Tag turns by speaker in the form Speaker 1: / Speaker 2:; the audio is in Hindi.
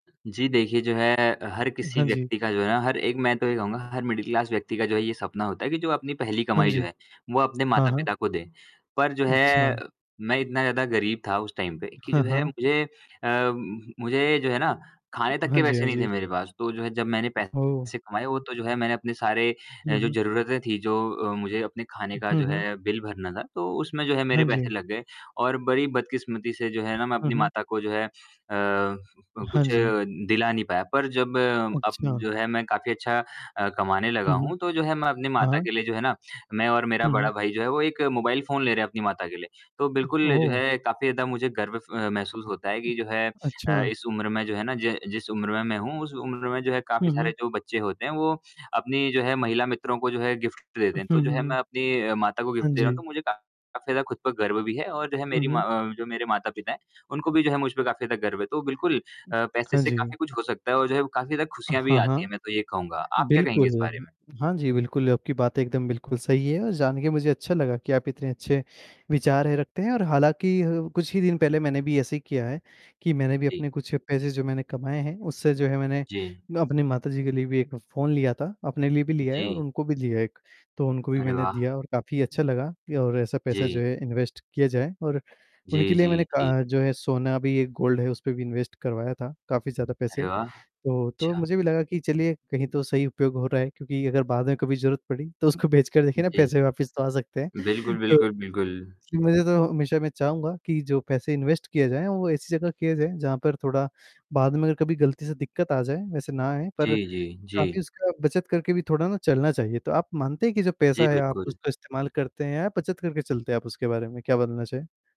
Speaker 1: जी देखिए जो है, हर
Speaker 2: उ,
Speaker 1: किसी
Speaker 2: हाँ जी।
Speaker 1: व्यक्ति का जो है ना, हर एक मैं तो ये कहूँगा हर मिडल क्लास व्यक्ति का जो है ये सपना होता है की जो अपनी पहली
Speaker 2: हाँ
Speaker 1: कमाई
Speaker 2: जी।
Speaker 1: जो है, वो अपने
Speaker 2: हाँ,
Speaker 1: माता
Speaker 2: हाँ।
Speaker 1: पिता को दे। पर जो है,
Speaker 2: अच्छा।
Speaker 1: मैं इतना ज़्यादा गरीब था उस टाइम पे की
Speaker 2: हाँ,
Speaker 1: जो है
Speaker 2: हाँ।
Speaker 1: मुझे अ, मुझे जो है ना खाने तक
Speaker 2: हाँ
Speaker 1: के
Speaker 2: जी,
Speaker 1: पैसे
Speaker 2: हाँ
Speaker 1: नहीं थे
Speaker 2: जी।
Speaker 1: मेरे पास। तो जो है जब मैंने
Speaker 2: ओह!
Speaker 1: पैसे कमाए, वो तो जो है मैंने अपने सारे
Speaker 2: हुँ,
Speaker 1: जो
Speaker 2: हुँ।
Speaker 1: ज़रूरतें थी जो मुझे अपने खाने का
Speaker 2: हुँ,
Speaker 1: जो
Speaker 2: हुँ।
Speaker 1: है, बिल भरना था, तो उसमे जो है मेरे
Speaker 2: हाँ
Speaker 1: पैसे
Speaker 2: जी।
Speaker 1: लग गए और बड़ी बदकिस्मती से जो है ना, मैं
Speaker 2: हुँ,
Speaker 1: अपनी
Speaker 2: हुँ।
Speaker 1: माता को जो है अ, क
Speaker 2: हाँ
Speaker 1: कुछ
Speaker 2: जी।
Speaker 1: दिला नहीं पाया। पर जब अब
Speaker 2: अच्छा।
Speaker 1: जो है मैं काफ़ी अच्छा अ, कमाने लगा
Speaker 2: हुँ, हुँ।
Speaker 1: हूँ, तो जो है मैं अपनी
Speaker 2: हाँ,
Speaker 1: माता
Speaker 2: हाँ।
Speaker 1: के लिए जो है ना, मैं और मेरा
Speaker 2: हुँ, हुँ।
Speaker 1: बड़ा भाई जो है, वो एक मोबाइल फ़ोन ले रहे हैं अपनी माता के लिए। तो बिल्कुल, जो
Speaker 2: ओह।
Speaker 1: है काफ़ी ज़्यादा मुझे गर्व फ महसूस होता है कि जो है
Speaker 2: अच्छा।
Speaker 1: अ, इस उम्र में जो है ना, ज जिस उम्र में मैं हूँ, उस उम्र में जो है
Speaker 2: हुँ,
Speaker 1: काफ़ी
Speaker 2: हुँ।
Speaker 1: सारे जो बच्चे होते हैं, वो अपनी जो है महिला मित्रों को जो है गिफ्ट देते
Speaker 2: हुँ,
Speaker 1: हैं। तो जो
Speaker 2: हुँ,
Speaker 1: है
Speaker 2: हुँ।
Speaker 1: मैं अपनी माता को
Speaker 2: हाँ
Speaker 1: गिफ्ट दे रहा हूँ,
Speaker 2: जी।
Speaker 1: तो मुझे काफ़ी ज़्यादा खुद पर गर्व भी है। और जो है
Speaker 2: हुँ,
Speaker 1: मेरी
Speaker 2: हुँ।
Speaker 1: माँ जो मेरे माता-पिता हैं, उनको भी जो है मुझ पे काफ़ी ज़्यादा गर्व है। तो बिल्कुल पैसे
Speaker 2: हाँ
Speaker 1: से
Speaker 2: जी।
Speaker 1: काफ़ी कुछ हो सकता है, और जो है अ, काफ़ी ज़्यादा खुशियाँ भी
Speaker 2: हाँ,
Speaker 1: आती है
Speaker 2: हाँ,
Speaker 1: मैं तो ये कहूँगा। आप क्या कहेंगे
Speaker 2: बिल्कुल,
Speaker 1: इस बारे
Speaker 2: हुँ।
Speaker 1: में?
Speaker 2: हाँ जी, बिल्कुल आपकी बात एकदम बिल्कुल सही है और जान के मुझे अच्छा लगा कि आप इतने अच्छे विचार रखते हैं और हालाँकि, कुछ ही दिन पहले मैंने भी ऐसे ही किया है कि मैंने भी
Speaker 1: जी।
Speaker 2: अपने कुछ पैसे जो कमाए हैं, उससे जो है मैंने
Speaker 1: जी।
Speaker 2: अपनी माताजी के लिए भी एक फ़ोन लिया था। अपने लिए भी लिया है और
Speaker 1: जी।
Speaker 2: उनको भी लिया है एक, तो उनको भी
Speaker 1: अरे
Speaker 2: मैंने
Speaker 1: वाह।
Speaker 2: दिया और काफ़ी अच्छा लगा और ऐसा पैसा जो
Speaker 1: जी।
Speaker 2: है इन्वेस्ट किया जाए और उनके
Speaker 1: जी,
Speaker 2: लिए
Speaker 1: जी,
Speaker 2: मैंने का
Speaker 1: जी।
Speaker 2: जो है सोना भी एक गोल्ड है उसपे भी इन्वेस्ट करवाया था। काफ़ी ज़्यादा पैसे।
Speaker 1: अरे वाह,
Speaker 2: तो तो
Speaker 1: अच्छा।
Speaker 2: मुझे भी लगा कि चलिए कहीं तो सही उपयोग हो रहा है, क्योंकि अगर बाद में कभी जरूरत पड़ी तो उसको बेच कर देखिए ना
Speaker 1: जी।
Speaker 2: पैसे वापस तो आ सकते हैं।
Speaker 1: बिल्कुल,
Speaker 2: तो,
Speaker 1: बिल्कुल, बिल्कुल।
Speaker 2: मुझे तो हमेशा मैं चाहूँगा कि जो पैसे इन्वेस्ट किए जाए वो ऐसी जगह किया जाए जहाँ पर थोड़ा बाद में अगर कभी गलती से दिक्कत आ जाए वैसे ना आए पर
Speaker 1: जी, जी, जी।
Speaker 2: काफ़ी उसका बचत करके भी थोड़ा ना चलना चाहिए। तो आप मानते हैं कि जो
Speaker 1: जी,
Speaker 2: पैसा है आप
Speaker 1: बिल्कुल।
Speaker 2: उसका इस्तेमाल करते हैं या बचत करके चलते हैं आप उसके बारे में क्या बदलना चाहे?